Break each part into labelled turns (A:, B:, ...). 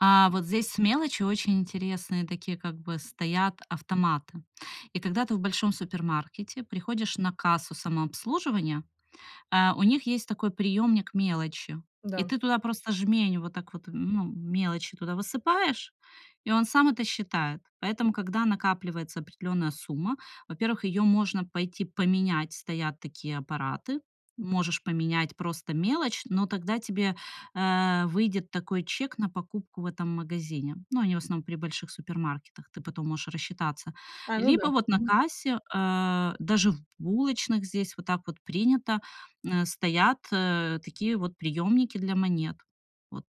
A: А вот здесь с мелочью очень интересные такие как бы стоят автоматы. И когда ты в большом супермаркете приходишь на кассу самообслуживания, э, у них есть такой приёмник мелочи, и
B: Да.
A: ты туда просто жмень, вот так вот ну мелочи туда высыпаешь, и он сам это считает. Поэтому, когда накапливается определённая сумма, во-первых, её можно пойти поменять, стоят такие аппараты, можешь поменять просто мелочь, но тогда тебе, а, выйдет такой чек на покупку в этом магазине. Ну, они в основном при больших супермаркетах, ты потом можешь рассчитаться.
B: А, ну да.
A: Либо вот на
B: Мгм.
A: кассе, э, даже в булочных здесь вот так вот принято, э, стоят, э, такие вот приёмники для монет. Вот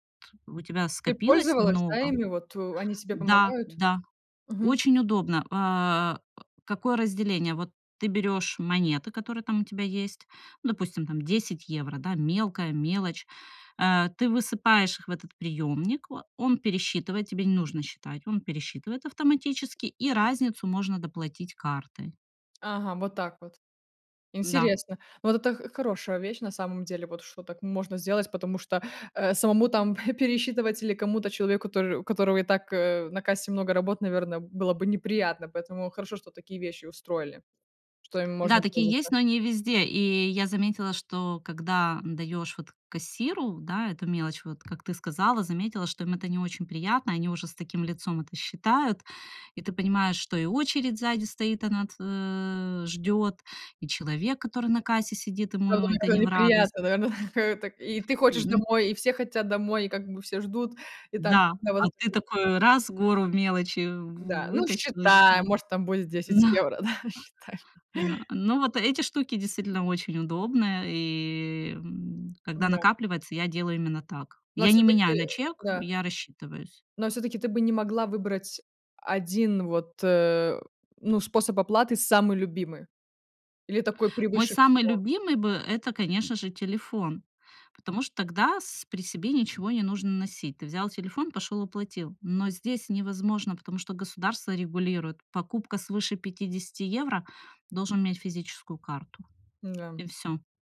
A: у тебя
B: Ты
A: скопилось
B: пользовалась да
A: много
B: ими вот у они тебе
A: Да,
B: помогают?
A: да,
B: Мгм.
A: очень удобно. А, э, какое разделение? Вот ты берёшь монеты, которые там у тебя есть, ну допустим, там 10 евро, да, мелкая мелочь. Э, ты высыпаешь их в этот приемник, а, он пересчитывает, тебе не нужно считать, он пересчитывает автоматически, и разницу можно доплатить картой.
B: Ага, вот так вот.
A: М-да.
B: Интересно. Вот это х хорошая вещь на самом деле, вот что так можно сделать, потому что, э, самому там п пересчитывать или кому-то человеку, который у которого и так, э, на кассе много работ, наверное, было бы неприятно, поэтому хорошо, что такие вещи устроили, что им
A: Да,
B: можно
A: такие
B: пользоваться.
A: есть, но не везде. И я заметила, что когда, м, даёшь вот кассиру, да, эту мелочь, вот как ты сказала, заметила, что им это не очень приятно, они уже с таким лицом это считают. И ты понимаешь, что и очередь сзади стоит, она т а, ждёт, и человек, который на кассе сидит,
B: Да,
A: ему это не
B: довольно
A: в радость.
B: неприятно, наверное. А так, и ты хочешь
A: Мгм.
B: домой, и все хотят домой, и как бы все ждут. И там
A: Да,
B: да вот
A: а
B: этот
A: ты
B: вот.
A: такой раз, гору мелочи
B: Да, ну
A: вытащил ещё,
B: считай,
A: да.
B: может там будет 10 евро, да, считай.
A: Но ну вот эти штуки действительно очень удобные и, м, когда
B: М-да.
A: накапливается, я делаю именно так.
B: Но
A: Я не
B: всё-таки
A: меняю на чек,
B: да.
A: я рассчитываюсь.
B: Но всё-таки ты бы не могла выбрать 1 вот, э, ну способ оплаты самый любимый или такой
A: Мой
B: превыше
A: самый
B: всего?
A: любимый бы это, конечно же, телефон, потому что тогда с при себе ничего не нужно носить. Ты взял телефон, пошёл, оплатил. Но здесь невозможно, потому что государство регулирует покупка свыше 50 евро, должен иметь физическую карту и
B: М-да.
A: всё.